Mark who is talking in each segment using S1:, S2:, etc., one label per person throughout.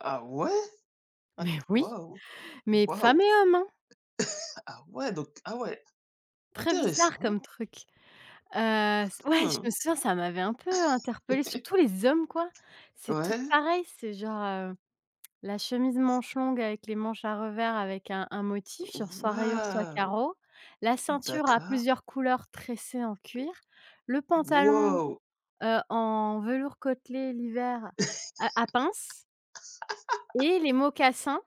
S1: Ah ouais?
S2: Mais oui,
S1: Waouh!
S2: mais
S1: Waouh!
S2: femmes et hommes hein!
S1: Ah ouais donc ah ouais,
S2: Très bizarre
S1: intéressant.
S2: comme truc. Heu, c' ouais, je
S1: Mmh.
S2: me souviens, ça m'avait un peu interpellé surtout les hommes quoi. C'est tous
S1: Ouais.
S2: pareil, c'est genre, heu, la chemise manche longue avec les manches à revers avec un un motif genre soit rayures soit
S1: Waouh!
S2: carreaux, la ceinture à
S1: D'accord.
S2: plusieurs couleurs tressées en cuir, le pantalon,
S1: Waouh!
S2: heu, en velours côtelé l'hiver à à pince et les mocassins,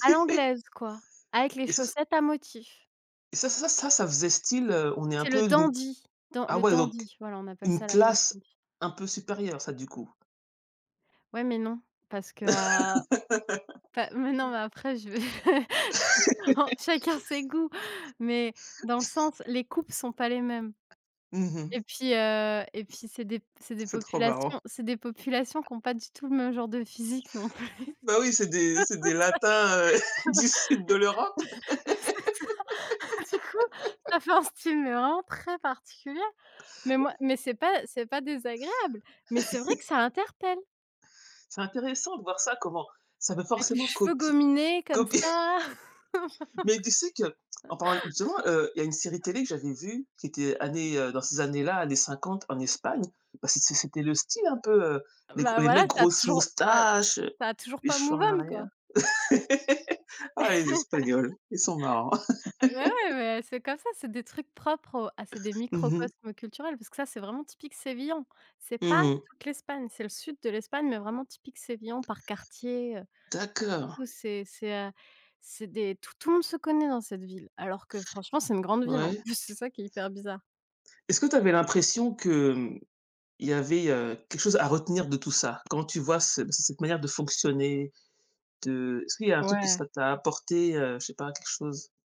S2: à l'anglaise quoi, avec les
S1: Et ça c'est
S2: chaussettes à motifs.
S1: et ça ça ça ça faisait style, heu, on est un
S2: C'est le
S1: peu d'une
S2: dandy, dans
S1: ah
S2: le
S1: ouais, donc,
S2: dandy, voilà, on appelle
S1: une
S2: ça la mode,
S1: classe
S2: oui.
S1: un peu supérieure, ça du coup?
S2: Ouais, mais non, parce que, heu, enfin, mais non, mais après je vais en chacun ses goûts mais, dans le sens, les coupes sont pas les mêmes.
S1: Mmh
S2: Et
S1: mh.
S2: puis, heu, et puis c'est des p c'est des
S1: C'est trop
S2: populations
S1: marrant.
S2: c'est des populations qui ont pas du tout le même genre de physique non plus.
S1: Bah oui, c'est des c'est des
S2: Ça
S1: latins, heu, du sud de l'Europe.
S2: c'est ça. Du coup ça fait un style, heu, vraiment très particulier, mais moi mais c'est pas c'est pas désagréable, mais c'est vrai que ça interpelle.
S1: C'est intéressant de voir ça, comment ça veut
S2: Avec les
S1: forcément
S2: cheveux
S1: copie
S2: gominés comme
S1: copier
S2: ça.
S1: mais tu sais que, en parlant justement, heu, il y a une série télé que j'avais vue qui était année, heu, dans ces années-là, années 50 en Espagne. Bah, c'est c'était le style un peu, heu, les gr
S2: Bah
S1: les mecs,
S2: voilà, ça a
S1: grosses
S2: toujours ça a
S1: moustaches, heu,
S2: ça a toujours
S1: les
S2: pas
S1: cheveux
S2: move
S1: en
S2: on quoi.
S1: arrière. Ah, les Espagnols, ils sont marrants.
S2: Ouais, mais c'est comme ça, c'est des trucs propres au ah c'est des
S1: Mmh mh.
S2: microcosme culturels parce que ça c'est vraiment typique sévillan. C'est
S1: Mmh
S2: pas
S1: mh.
S2: toute l'Espagne, c'est le sud de l'Espagne, mais vraiment typique sévillan par quartier, heu, du
S1: D'accord.
S2: coup c'est c'est heu c'est des tout tout le monde se connaît dans cette ville alors que franchement, c'est une grande ville en
S1: Ouais.
S2: plus c'est ça qui est hyper bizarre.
S1: Est-ce que tu avais l'impression que, mmh, il y avait, heu, quelque chose à retenir de tout ça? Quand tu vois ce ce cette manière de fonctionner, de est-ce qu'il y a un truc que
S2: Ouais.
S1: ça t'a apporté, heu, je sais pas, quelque chose?